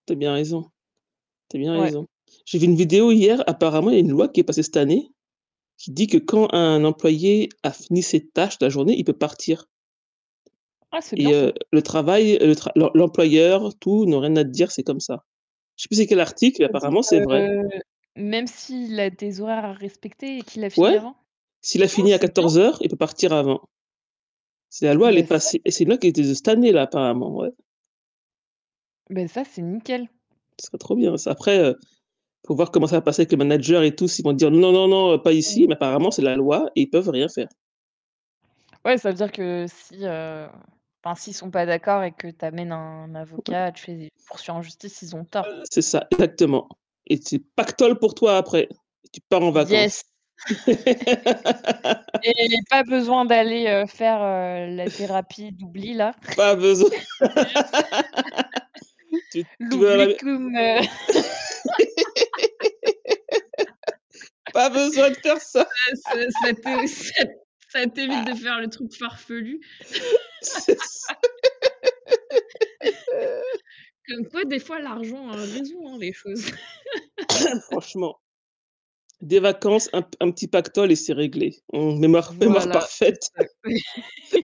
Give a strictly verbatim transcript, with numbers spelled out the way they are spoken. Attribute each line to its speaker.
Speaker 1: Tu as bien raison, tu as bien
Speaker 2: Ouais.
Speaker 1: raison. J'ai vu une vidéo hier, apparemment il y a une loi qui est passée cette année, qui dit que quand un employé a fini ses tâches la journée, il peut partir.
Speaker 2: Ah, c'est bien
Speaker 1: Et
Speaker 2: ça!
Speaker 1: heu, le travail, heu, le tra l'em l'employeur, tout n'ont rien à te dire, c'est comme ça. Je sais pas c'est quel article, mais
Speaker 2: C'est-à-dire,
Speaker 1: apparemment c'est vrai.
Speaker 2: heu, même s'il a des horaires à respecter et qu'il a fini
Speaker 1: Ouais,
Speaker 2: avant?
Speaker 1: s'il a
Speaker 2: Ah,
Speaker 1: fini à
Speaker 2: c'est bien!
Speaker 1: quatorze heures il peut partir avant. C'est la loi, elle est
Speaker 2: Bah, ça
Speaker 1: passée, et
Speaker 2: c'est
Speaker 1: c'est une loi qui était de cette année là apparemment, ouais.
Speaker 2: Bah ça, c'est nickel.
Speaker 1: Ce serait trop bien ça. Après heu, faut voir comment ça va passer avec les managers et tout, si ils vont dire: «Non, non, non pas ici».
Speaker 2: Mmh.
Speaker 1: Mais apparemment
Speaker 2: Ouais.
Speaker 1: c'est la loi et ils peuvent rien faire.
Speaker 2: Ouais, ça veut dire que si, heu, enfin, si ils sont pas d'accord et que tu amènes un
Speaker 1: Ouais.
Speaker 2: avocat, tu les poursuis en justice, ils ont tort.
Speaker 1: Heu, c'est ça exactement. Et c'est pactole pour toi après, tu pars en
Speaker 2: Yes!
Speaker 1: vacances.
Speaker 2: Et pas besoin d'aller, heu, faire, heu, la thérapie d'oubli là.
Speaker 1: Pas besoin. Tu tu vas à la mai
Speaker 2: L'oublicum, heu
Speaker 1: pas besoin de faire ça
Speaker 2: ça ça ça t'est aussi ça t'évite de faire le truc farfelu.
Speaker 1: C'est ça
Speaker 2: Comme quoi, des fois, l'argent heu, résout, hein, les choses.
Speaker 1: Franchement, des vacances, un p un petit pactole et c'est réglé. Une humeur humeur
Speaker 2: Voilà, c'est
Speaker 1: parfaite.
Speaker 2: ça.